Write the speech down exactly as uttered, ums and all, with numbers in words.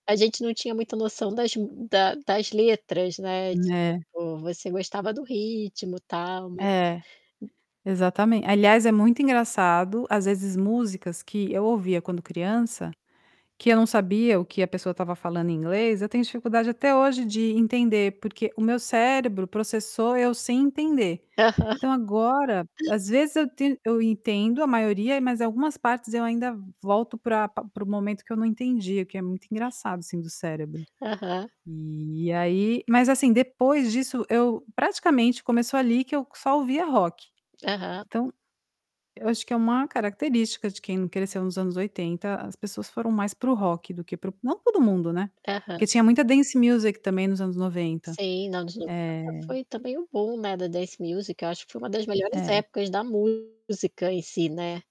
A gente não tinha muita noção das da das letras, né, Né. tipo, você gostava do ritmo tal, ma É. hu Exatamen aliás é muito engraçado, as vezes músicas que eu ouvia quando criança, que eu não sabia o que a pessoa estava falando em inglês, eu tenho dificuldade até hoje de entender, porque o meu cérebro processou eu sem entender. Aham. Então, agora, às vezes eu ten eu entendo a maioria mas algumas partes eu ainda volto para para o momento que eu não entendia, o que é muito engraçado assim do cérebro. Aham. E aí mas assim depois disso eu praticamente começou ali que eu só ouvia rock. Aham. Então, eu acho que é uma característica cresceu nos anos oitenta, as pessoas foram mais para o rock do que para o não todo mundo, né, Aham. porque tinha muita dance music também nos anos noventa. Sim, anos noventa Eh foi também o boom, né, da dance music eu acho que foi uma das melhores É. épocas da música em si, né.